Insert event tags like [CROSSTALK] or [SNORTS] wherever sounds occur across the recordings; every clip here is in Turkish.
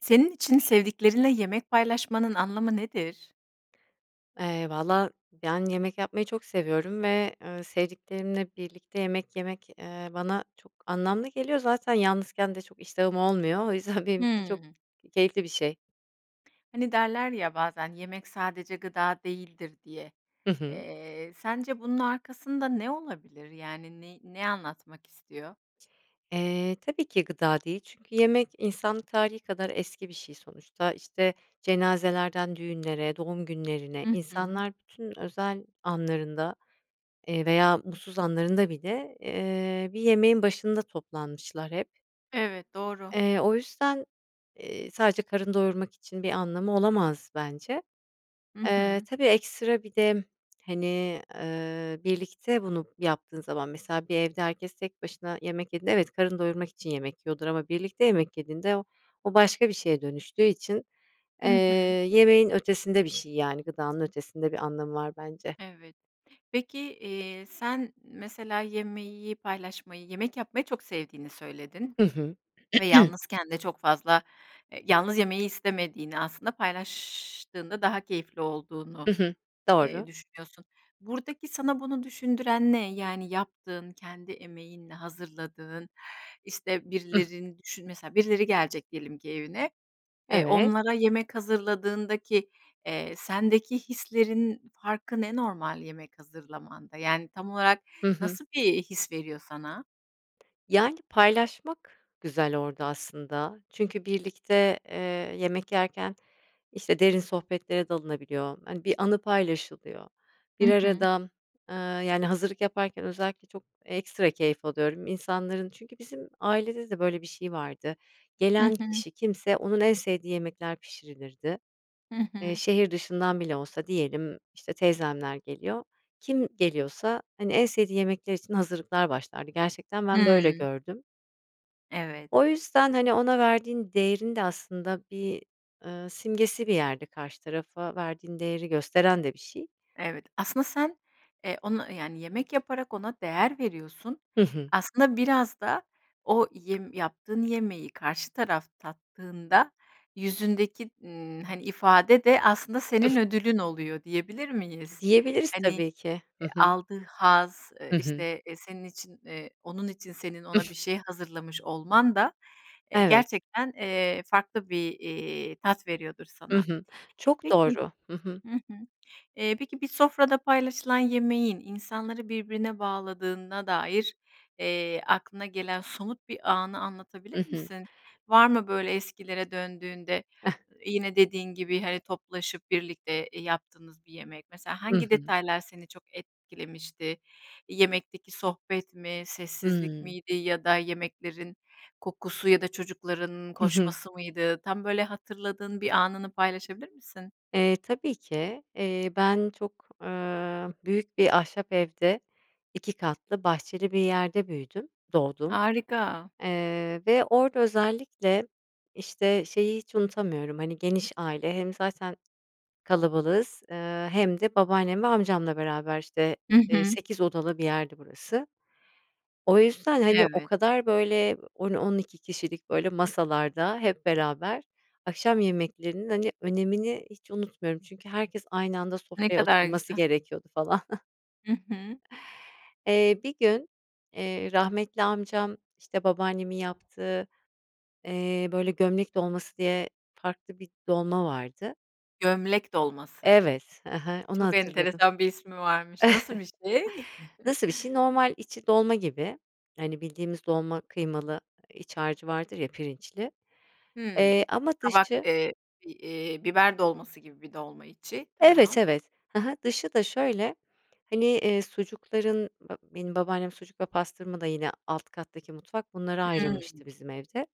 Senin için sevdiklerinle yemek paylaşmanın anlamı nedir? Eee, vallaha, yani, yemek yapmayı çok seviyorum ve, ııı, sevdiklerimle birlikte yemek yemek, eee, bana çok anlamlı geliyor, zaten yalnızken de çok iştahım olmuyor, o yüzden benim için çok Hımm. keyifli bir şey. Hani, derler ya, bazen, "Yemek sadece gıda değildir." diye. Hı hı. Eee, sence bunun arkasında ne olabilir? Yani ney ne anlatmak istiyor? Eee, tabii ki gıda değil. Çünkü yemek insanlık tarihî kadar eski bir şey sonuçta, işte, cenazelerden düğünlere, doğum günlerine, Hı hı. insanlar bütün özel anlarında, eee, veya mutsuz anlarında bile, eee, bir yemeğin başında toplanmışlar hep Evet. Doğru. eee, o yüzden, eee, sadece karın doyurmak için bir anlamı olamaz bence. Hı Eee, hı. tabii, ekstra bir de, hani, eee, birlikte bunu yaptığın zaman, mesela, bir evde herkes tek başına yemek yediğinde, evet, karın doyurmak için yemek yiyordur ama birlikte yemek yediğinde o o başka bir şeye dönüştüğü için, eee, Hı hı. yemeğin ötesinde bir şey, yani, gıdanın ötesinde bir anlamı var bence. Evet. Peki, eee, sen mesela yemeği paylaşmayı Yemek yapmayı çok sevdiğini söyledin Hı hı. ve [CLEARS THROAT] yalnızken de çok fazla eee, yalnız yemeyi istemediğini aslında paylaştığında daha keyifli olduğunu, Hı hı. eee, Doğru. düşünüyorsun. Buradaki sana bunu düşündüren ne? Yani, yaptığın, kendi emeğinle hazırladığın, işte, Hıh. birilerini düşün Mesela, birileri gelecek diyelim ki evine, eee, Evet. onlara yemek hazırladığındaki, eee, sendeki hislerin farkı ne normal yemek hazırlamanda, yani, tam olarak Hı hı. nasıl bir his veriyor sana? Yani, paylaşmak güzel orada aslında, çünkü birlikte, eee, yemek yerken, işte, derin sohbetlere dalınabiliyor, hani, bir anı paylaşılıyor. Hı Bir hı. arada, ııı, yani, hazırlık yaparken özellikle çok ekstra keyif alıyorum insanların çünkü bizim ailede de, böyle, bir şey vardı Hı gelen hı. kişi kimse, onun en sevdiği yemekler pişirilirdi. Hı Eee, hı. şehir dışından bile olsa diyelim, işte, teyzemler geliyor, kim geliyorsa, hani, en sevdiği yemekler için hazırlıklar başlardı gerçekten ben, böyle, Hıı. gördüm. Evet. O yüzden, hani, ona verdiğin değerin de aslında bir, ııı, simgesi bir yerde, karşı tarafa verdiğin değeri gösteren de bir şey. Evet, aslında sen, eee, onu, yani, yemek yaparak ona değer veriyorsun, Hı hı. aslında biraz da o yem yaptığın yemeği karşı taraf tattığında, yüzündeki, ımm, hani, ifade de aslında senin [UNINTELLIGIBLE] ödülün oluyor, diyebilir miyiz? Diyebiliriz Hani, tabii ki. Hı eee hı. aldığı haz, eee, Hı hı. işte, eee, senin için eee, onun için senin ona bir [SNORTS] şey hazırlamış olman da, eee, Evet. gerçekten, eee, farklı bir, iii, tat veriyordur Hı sana. hı. Çok Peki, doğru. Hı hı. hı hı, eee, peki, bir sofrada paylaşılan yemeğin insanları birbirine bağladığına dair, eee, aklına gelen somut bir anı I anlatabilir hı. misin? Var mı böyle eskilere döndüğünde, yine dediğin gibi, hani, toplaşıp birlikte, eee, yaptığınız bir yemek? Mesela I hangi hı. detaylar seni çok etkilemişti? Yemekteki sohbet mi? Sessizlik Hıı. miydi? Ya da yemeklerin kokusu ya da çocukların Hı hı. koşması mıydı? Tam böyle hatırladığın bir anını paylaşabilir misin? Eee, tabii ki, eee, ben çok, ııı, büyük bir ahşap evde 2 katlı bahçeli bir yerde büyüdüm, doğdum. Harika. Eee, ve orada özellikle, işte, şeyi, hiç unutamıyorum, hani, geniş aile hem zaten kalabalığız, eee, hem de babaannem ve amcamla beraber, işte, Hı eee, hı. 8 odalı bir yerdi burası. O yüzden, hani, o Evet. kadar, böyle, 10-12 kişilik, böyle, masalarda hep beraber akşam yemeklerinin, hani, önemini hiç unutmuyorum çünkü herkes aynı anda Ne sofraya kadar oturması güzel. gerekiyordu falan. [CHUCKLES] Hı hı. Eee, bir gün, eee, rahmetli amcam, işte, babaannemin yaptığı, eee, böyle, gömlek dolması diye farklı bir dolma vardı. Gömlek dolması. Evet, hı hı, onu Çok hatırladım. enteresan bir ismi varmış. Nasıl bir şey? [CHUCKLES] Nasıl bir şey? [CHUCKLES] Normal içi dolma gibi, hani, bildiğimiz dolma kıymalı iç harcı vardır ya, pirinçli, Hımm, eee, ama kabak, dışı eee, bi iii, biber dolması gibi bir dolma içi, Evet, tamam. evet, hı hı, dışı da şöyle hani, iii, sucukların, ba benim babaannem sucuk ve pastırma da yine alt kattaki mutfak bunlara ayrılmıştı Hımm. bizim evde.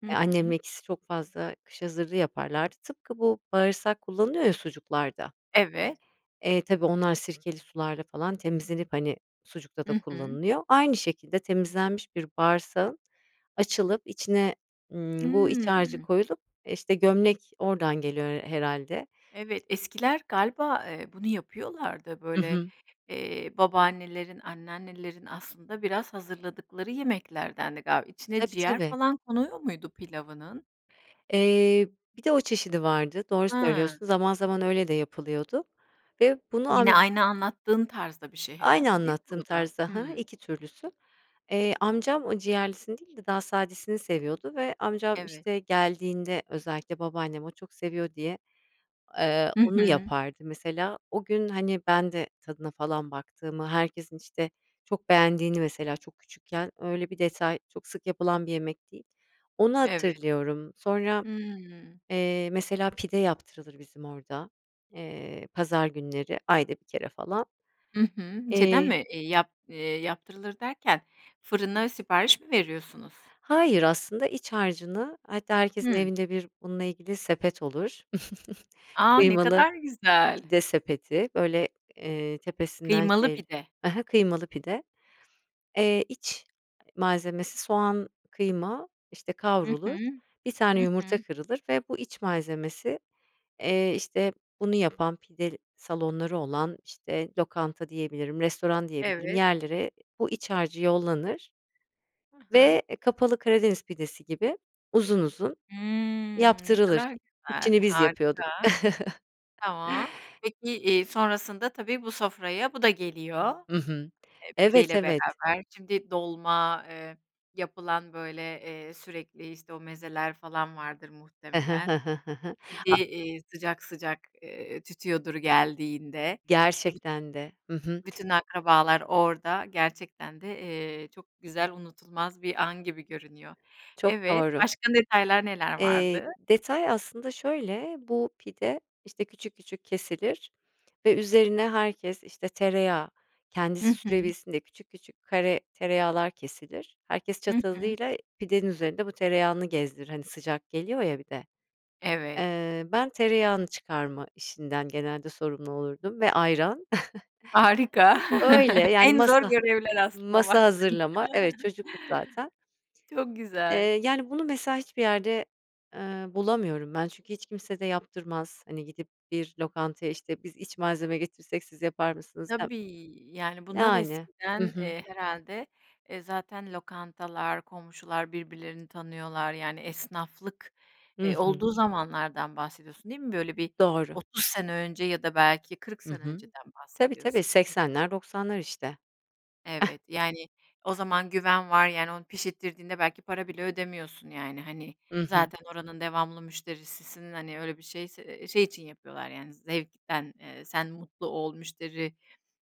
Hı Eee, hı. annemle ikisi çok fazla kış hazırlığı yaparlardı. Tıpkı bu bağırsak kullanılıyor ya sucuklarda. Evet. Eee, tabii onlar sirkeli sularla falan temizlenip, hani, sucukta da Hı hı. kullanılıyor. Aynı şekilde temizlenmiş bir bağırsağın açılıp içine, ımm, bu iç harcı Hıı. koyulup, işte, gömlek oradan geliyor her herhâlde. Evet, eskiler galiba, eee, bunu yapıyorlardı, Hı böyle, hı. eee, babaannelerin, anneannelerin aslında biraz hazırladıkları yemeklerdendi galiba. İçine Tabii, ciğer tabii. falan konuyor muydu pilavının? Eee, bir de o çeşidi vardı, doğru Hıı. söylüyorsun. Zaman zaman öyle de yapılıyordu. Ve bunu am Yine aynı anlattığın tarzda bir şey Aynı herhâlde değil mi anlattığım bu da? tarzda, ha ha, Hıı. 2 türlüsü. Eee, amcam o ciğerlisini değil de daha sadesini seviyordu ve amcam, Evet. işte, geldiğinde özellikle babaannem o çok seviyor diye, eee, Hı onu hı. yapardı, mesela. O gün, hani, ben de tadına falan baktığımı, herkesin, işte, çok beğendiğini mesela çok küçükken öyle bir detay çok sık yapılan bir yemek değil, onu Evet. hatırlıyorum. Sonra, Hıı. eee, mesela pide yaptırılır bizim orada, eee, pazar günleri ayda 1 kere falan. Hı hı, şeyden Eee. mi? İii, yap iii, yaptırılır derken, fırına sipariş mi veriyorsunuz? Hayır, aslında iç harcını hatta herkesin Hı. evinde bir bununla ilgili sepet olur. [CHUCKLES] A! Ne Kıymalı kadar güzel. pide sepeti, böyle, eee, tepesinden Kıymalı şeyli, pide. ha ha, kıymalı pide. Eee, iç malzemesi, soğan, kıyma, işte, Hı hı, kavrulur, 1 tane hı hı. yumurta kırılır ve bu iç malzemesi, eee, işte bunu yapan pide salonları olan, işte, lokanta diyebilirim, restoran diyebilirim, Evet yerlere bu iç harcı yollanır Ha ha. ve, e, kapalı Karadeniz pidesi gibi uzun uzun Hımm, ne yaptırılır. kadar güzel, İçini biz yapıyorduk. harika. Tamam, [CHUCKLES] peki, iii, sonrasında tabii bu sofraya bu da geliyor, Hı hı, e, evet, pideyle evet. beraber. Şimdi dolma, ııı, yapılan, böyle, eee, sürekli, işte, o mezeler falan vardır Hı hı, muhtemelen. hı hı, hı O hı. A pide, iii, sıcak sıcak, eee, tütüyordur geldiğinde. E, büt Gerçekten de, hı hı. bütün akrabalar orada gerçekten de, eee, çok güzel unutulmaz bir an gibi görünüyor. Çok Evet, doğru. başka detaylar neler Eee, vardı? detay aslında şöyle, bu pide, işte, küçük küçük kesilir ve üzerine herkes, işte, tereyağı kendisi Hı hı. sürebilsin diye küçük küçük kare tereyağlar kesilir. Herkes Hı hı. çatalıyla pidenin üzerinde bu tereyağını gezdirir, hani, sıcak geliyor ya bir de. Evet. Eee, ben tereyağını çıkarma işinden genelde sorumlu olurdum ve ayran [CHUCKLES] Harika, Öyle, [CHUCKLES] yani, en zor masa görevler aslında masa baktığında. hazırlama. Evet, çocuktuk zaten. Çok Eee, güzel. yani, bunu, mesela hiçbir yerde, ııı, bulamıyorum ben. Çünkü hiç kimse de yaptırmaz, hani gidip bir lokantaya, işte, biz iç malzeme getirsek siz yapar mısınız dem Tabii, yani, bunlar yani, eskiden, hı hı. eee, herhâlde, eee, zaten lokantalar, komşular birbirlerini tanıyorlar, yani, esnaflık, Hı eee, hı. olduğu zamanlardan bahsediyorsun değil mi? Böyle bir Doğru. 30 sene önce ya da belki 40 Hı sene hı. önceden Tabii, tabii, bahsediyorsun? 80'ler 90'lar işte. [CHUCKLES] Evet, yani o zaman güven var, yani onu pişirttirdiğinde belki para bile ödemiyorsun yani, hani, Hı hı. zaten oranın devamlı müşterisisin. Hani, öyle bir şeyse ııı, şey için yapıyorlar, yani, zevkten, eee, sen mutlu ol, müşteri,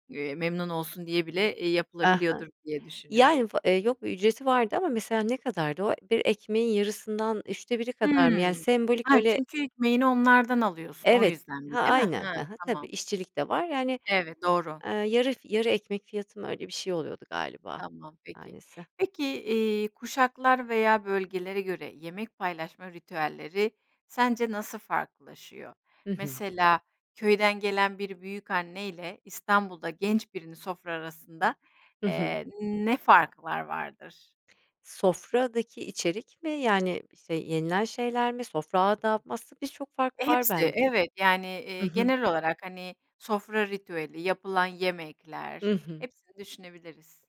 eee, memnun olsun diye bile, iii, Aha, yapılabiliyordur diye düşünüyorum. yani, va eee, yok bir ücreti vardı ama mesela ne kadardı o, bir ekmeğin yarısından 3'te 1'i kadar mı, yani, Hımm, sembolik ha, öyle. çünkü ekmeğini onlardan alıyorsun, o Evet, yüzdendi, ha, değil mi? aynen, He, hı hı, tabii. tamam. İşçilik de var, yani, Evet, doğru. aaa, yarı f yarı ekmek fiyatı mı, öyle bir şey oluyordu galiba, Tamam, peki. tanesi. Peki, iii, kuşaklar veya bölgelere göre yemek paylaşma ritüelleri sence nasıl farklılaşıyor? Hı hı. Mesela, köyden gelen bir büyükanneyle, İstanbul'da genç birinin sofra arasında, Hı hı. eee, ne fark var vardır? Sofradaki içerik mi, yani, işte, yenilen şeyler mi, sofra adabı mı? Aslında biz çok fark E, var hepsi, ben evet, yani, I iii, hı. genel olarak, hani, sofra ritüeli, yapılan I yemekler, hı. hepsini düşünebiliriz.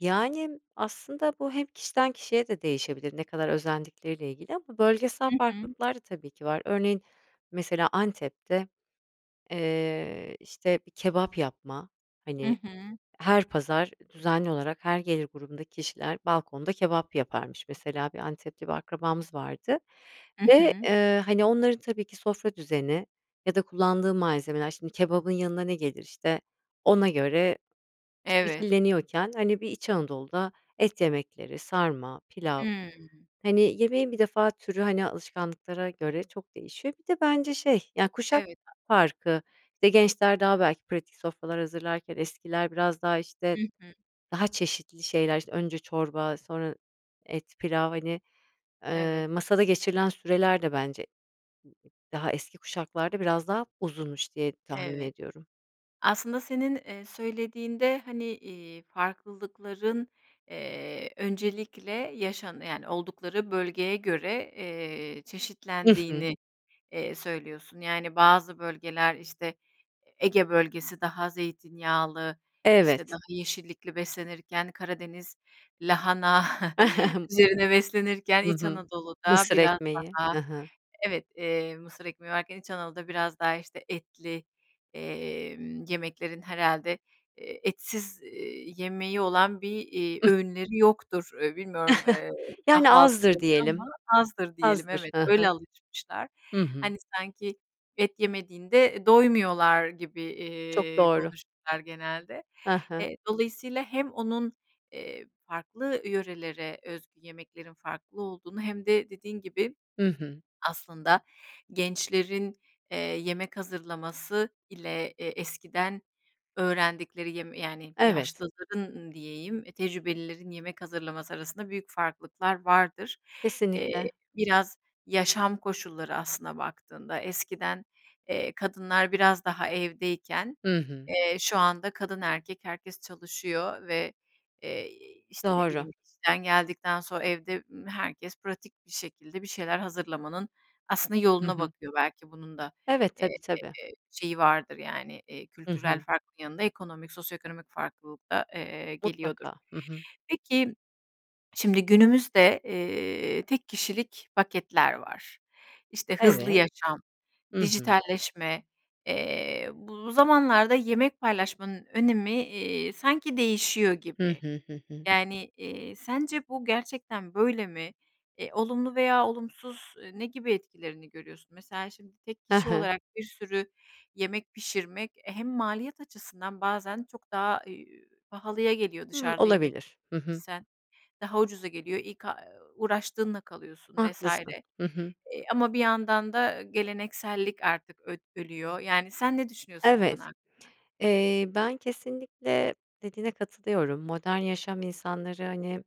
Yani, aslında bu hem kişiden kişiye de değişebilir, ne kadar özendikleriyle ilgili ama bölgesel Hı hı. farklılıklar da tabii ki var. Örneğin mesela Antep'te, eee, işte, bir kebap yapma, Hı hani, hı. her pazar düzenli olarak her gelir grubundaki kişiler balkonda kebap yaparmış. Mesela, bir Antep'te bir akrabamız vardı Hı ve, hı. ııı, hani, onların tabii ki sofra düzeni ya da kullandığı malzemeler şimdi kebabın yanına ne gelir işte ona göre Evet. şekilleniyorken, hani, bir İç Anadolu'da et yemekleri, sarma, pilav Hıı. hani yemeğin bir defa türü hani alışkanlıklara göre çok değişiyor. Bir de bence şey, ya, kuşak Evet, farkı, işte gençler daha belki pratik sofralar hazırlarken eskiler biraz daha, Hı işte, hı. daha çeşitli şeyler önce, işte, çorba, sonra et, pilav, hani, Evet. ııı, masada geçirilen süreler de bence, daha eski kuşaklarda biraz daha uzunmuş diye tahmin Evet, ediyorum. aslında senin, eee, söylediğinde, hani, iii, farklılıkların, eee, öncelikle yaşan yani, oldukları bölgeye göre, eee, I hı. çeşitlendiğini, eee, söylüyorsun. Yani, bazı bölgeler, işte, Ege Bölgesi daha zeytinyağlı, işte, daha Evet. yeşillikli beslenirken, Karadeniz lahana [CHUCKLES] [CHUCKLES] üzerine beslenirken, Hı İç hı, Anadolu'da mısır biraz ekmeği, daha hı hı. evet, eee, mısır ekmeği varken, İç Anadolu'da biraz daha, işte, etli, emm, yemeklerin herhâlde, eee, etsiz, eee, yemeği olan bir, iii, [GIGGLES] öğünleri yoktur. E, bilmiyorum, eee, Yani azdır kahvaltıları ama diyelim, azdır diyelim azdır. evet, Hı hı. öyle alışmışlar. Hı hı. Hani, sanki et yemediğinde, e, doymuyorlar gibi, Çok iii, doğru. konuşurlar genelde. Ha ha. E, dolayısıyla hem onun, eee, farklı yörelere özgü yemeklerin farklı olduğunu hem de dediğin gibi Hı hı. [SWALLOWS] aslında gençlerin, eee, yemek hazırlaması ile e eskiden öğrendikleri yem yani, Evet. yaşlıların ın diyeyim tecrübelilerin yemek hazırlaması arasında büyük farklılıklar vardır. Eee, Kesinlikle. biraz yaşam koşulları, aslına baktığında, eskiden, eee, kadınlar biraz daha evdeyken, Hı hı. eee, şu anda kadın erkek herkes çalışıyor ve, eee, i işte, ne Doğru. bileyim, işten geldikten sonra evde, ımm, herkes pratik bir şekilde bir şeyler hazırlamanın aslında Hı yoluna hı. bakıyor belki bunun da, Evet, eee, tabii, tabii. şeyi vardır yani, iii, Hı kültürel hı. farkın yanında ekonomik, sosyoekonomik farklılık da, eee, geliyordur. Mutlaka, hı hı. Peki, [SWALLOWS] şimdi günümüzde, eee, tek kişilik paketler var. İşte, hızlı Evet, yaşam, hı hı. dijitalleşme, eee, bu zamanlarda yemek paylaşmanın önemi, iii, sanki değişiyor Hı gibi. hı, hı hı. Yani, iii, sence bu gerçekten böyle mi? E, olumlu veya olumsuz, ııı, ne gibi etkilerini görüyorsun? Mesela şimdi tek Ha kişi ha. olarak bir sürü yemek pişirmek, e, hem maliyet açısından bazen çok daha, ııı, pahalıya geliyor Hımm, dışarıda yemek olabilir, hı hı. isen daha ucuza geliyor, ilk a uuu, uğraştığınla kalıyorsun vs. Haklısın, E, hı hı. ama bir yandan da geleneksellik artık öd ölüyor. Yani, sen ne düşünüyorsun bu konu Evet, hakkında? eee, ben kesinlikle dediğine katılıyorum. Modern yaşam insanları, hani,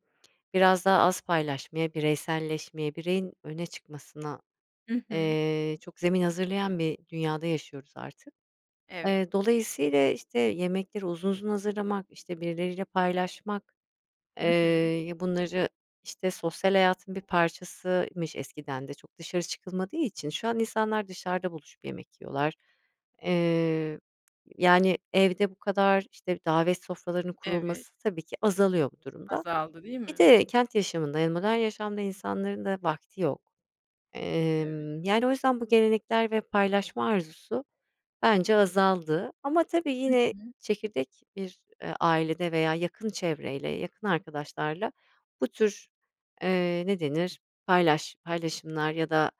biraz daha az paylaşmaya, bireyselleşmeye, bireyin öne çıkmasına, Hı hı. eee, çok zemin hazırlayan bir dünyada yaşıyoruz artık. Evet. Eee, dolayısıyla, işte, yemekleri uzun uzun hazırlamak, işte, birileriyle paylaşmak, Hı eee, hı. ya bunları işte sosyal hayatın bir parçasıymış eskiden de çok dışarı çıkılmadığı için şu an insanlar dışarıda buluşup yemek yiyorlar. Eee, yani, evde bu kadar işte davet sofralarının Evet. kurulması tabii ki azalıyor bu durumda. Azaldı değil Bir mi? de kent yaşamında, yani, modern yaşamda insanların da vakti yok. Evet. Emm, yani, o yüzden bu gelenekler ve paylaşma arzusu bence azaldı. Ama tabii Hı yine hı. çekirdek bir, ııı, ailede veya yakın çevreyle, yakın arkadaşlarla bu tür, eee, ne denir, paylaş paylaşımlar ya da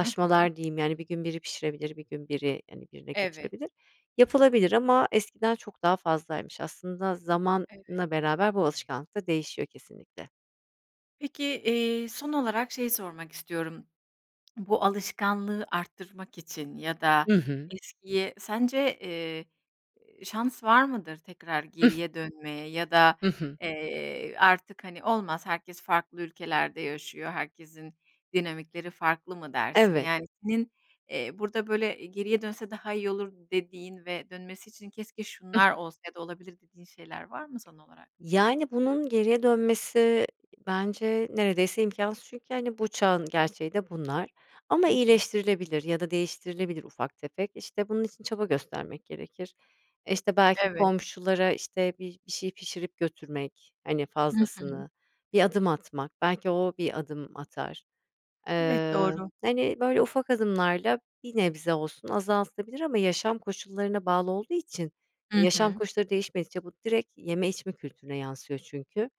Hı hı. diyeyim, yani, bir gün biri pişirebilir bir gün biri, hani, birine Evet. götürebilir, yapılabilir. Ama eskiden çok daha fazlaymış aslında Evet. zamanla beraber bu alışkanlık da değişiyor kesinlikle. Peki, iii, son olarak şeyi sormak istiyorum. [SWALLOWS] Bu alışkanlığı arttırmak için ya da I hı. eskiye sence, eee, e şans var mıdır tekrar [GIGGLES] geriye dönmeye? Ya da, Hı hı. eee, artık hani olmaz, herkes farklı ülkelerde yaşıyor, herkesin dinamikleri farklı mı dersin? Evet. Yani, senin, eee, burada, böyle, geriye dönse daha iyi olur dediğin ve dönmesi için keşke [GIGGLES] şunlar olsa ya da olabilir dediğin şeyler var mı son olarak? Yani, bunun geriye dönmesi bence neredeyse imkânsız çünkü, hani, bu çağın gerçeği de bunlar. Ama Hı hı. iyileştirilebilir ya da değiştirilebilir ufak tefek. İşte, bunun için çaba göstermek gerekir. E, işte belki Evet. komşulara işte bir bir şey pişirip götürmek, hani Hı hı. fazlasını, bir adım atmak belki o bir adım atar. Evet, Iıı, doğru. hani, böyle, ufak adımlarla bir nebze olsun azaltılabilir ama yaşam koşullarına bağlı olduğu için Hı yaşam hı. koşulları değişmedikçe bu direkt yeme içme kültürüne yansıyor çünkü.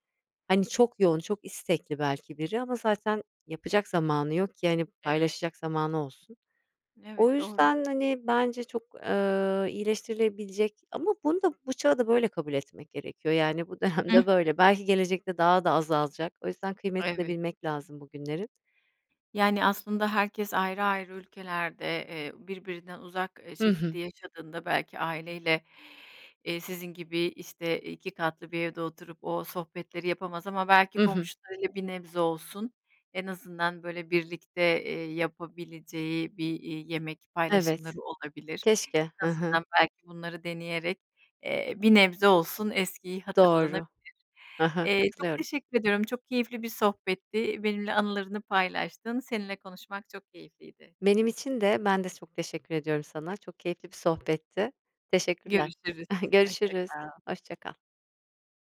Hani, çok yoğun, çok istekli belki biri ama zaten yapacak zamanı yok ki, hani, Evet. paylaşacak zamanı olsun. O Evet, doğru. yüzden, hani, bence çok, ııı, iyileştirilebilecek Ama bunu da bu çağı da böyle kabul etmek gerekiyor, yani, bu Hı hı. dönemde böyle. Belki gelecekte daha da azalacak. O yüzden kıymetini Evet. bilmek lazım bugünlerin. Yani, aslında herkes ayrı ayrı ülkelerde, eee, birbirinden uzak, e, Hı hı. şekilde yaşadığında, belki aileyle, iii, sizin gibi işte 2 katlı bir evde oturup o sohbetleri yapamaz, ama belki Hı hı. komşularıyla bir nebze olsun, en azından, böyle, birlikte, eee, yapabileceği bir, iii, yemek Evet, paylaşımları olabilir. keşke. En Ha ha. azından belki bunları deneyerek, eee, bir nebze olsun eskiyi hatırlanabilir. Doğru, ha ha. Eee, çok Katılıyorum. teşekkür ediyorum, çok keyifli bir sohbetti, benimle anılarını paylaştın, seninle konuşmak çok keyifliydi. Benim için de, ben de çok teşekkür ediyorum sana, çok keyifli bir sohbetti. Teşekkürler Görüşürüz, [CHUCKLES] hoşça görüşürüz, kal. hoşça kal.